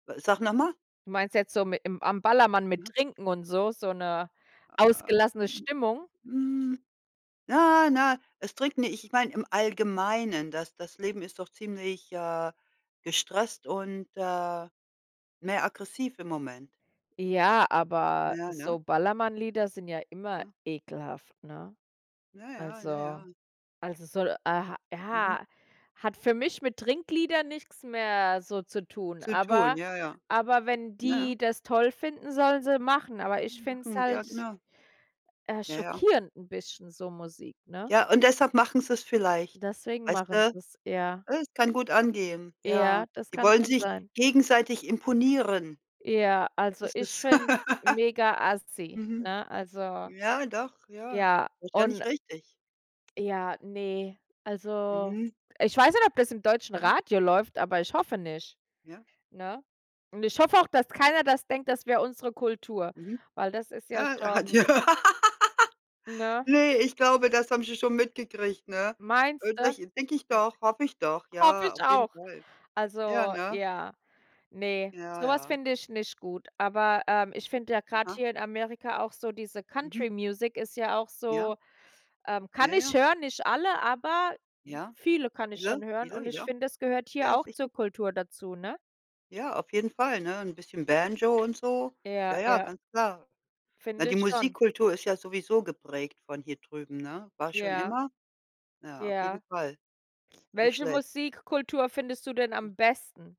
Wa sag noch mal. Du meinst jetzt so mit'm am Ballermann mit Mhm. Trinken und so, so 'ne Ah, ausgelassene mhm, Stimmung? mm, na, na, es Trinken nicht. Ich meine, im Allgemeinen, das das Leben ist doch ziemlich, äh, gestresst und, äh, mehr aggressiv im Moment. Ja, aber Ja, ne? so Ballermannlieder sind ja immer Ne? ekelhaft, ne? Ja, ja. Ja, Also ja. also, es soll ah, Mhm. ja hat für mich mit Trinkliedern nix mehr so zu tun. Zu tun. Aber Ja, ja. aber wenn Na ja. die das toll finden, sollen sie machen. Aber ich finde es Rumlachen. Ja, halt genau. äh, Ja, ja. schockierend 'n bisschen, so Musik, ne? Ja, und deshalb machen sie’s vielleicht, Deswegen weißt du? machen sie's, ja. Äh, es kann gut angehen. Ja, Ja, das die kann wollen schon sich sein. gegenseitig imponieren. Ja, Das also ist ich es. finde es mega-assi, Mhm. ne? Also, Ja, doch, ja, ja, ist ja und nicht richtig. Ja, ne. Also, Mhm. ich weiß nicht, ob das im deutschen Mhm. Radio läuft, aber ich hoffe nicht, Ja. ne? Und ich hoffe auch, dass keiner das denkt, Ja. das wäre unsere Kultur, Mhm. weil das ist ja Ah, ah, d schon ja. Ne? Ne, ich glaube, das haben sie schon mitgekriegt, ne? Meinst Oder du? ich denke ich doch hoffe ich doch. Hoffe Ja, ich auf jeden auch. Fall. Ja, Also, ne? ja, ne, Ja, so was ja. finde ich nicht gut. Aber, ähm, ich finde ja gerade Aha. hier in Amerika auch so diese Mhm. Country Music ist ja auch Ja. so ähm, kann Ja, ich ja. hören, nicht alle, aber Ja, viele kann ich viele, schon hören. viele, Und ich ja, finde, es gehört hier ja, auch sicher. zur Kultur dazu, ne? Ja, auf jeden Fall, ne, 'n bisschen Banjo und so. Ja, Ja, ja, ja. ganz klar. Na, Finde die ich schon. Musikkultur ist ja sowieso geprägt von hier drüben, ne? War schon Ja. immer. Ja, auf jeden Ja. Fall. Nicht Welche schlecht. Musikkultur findest du denn am besten?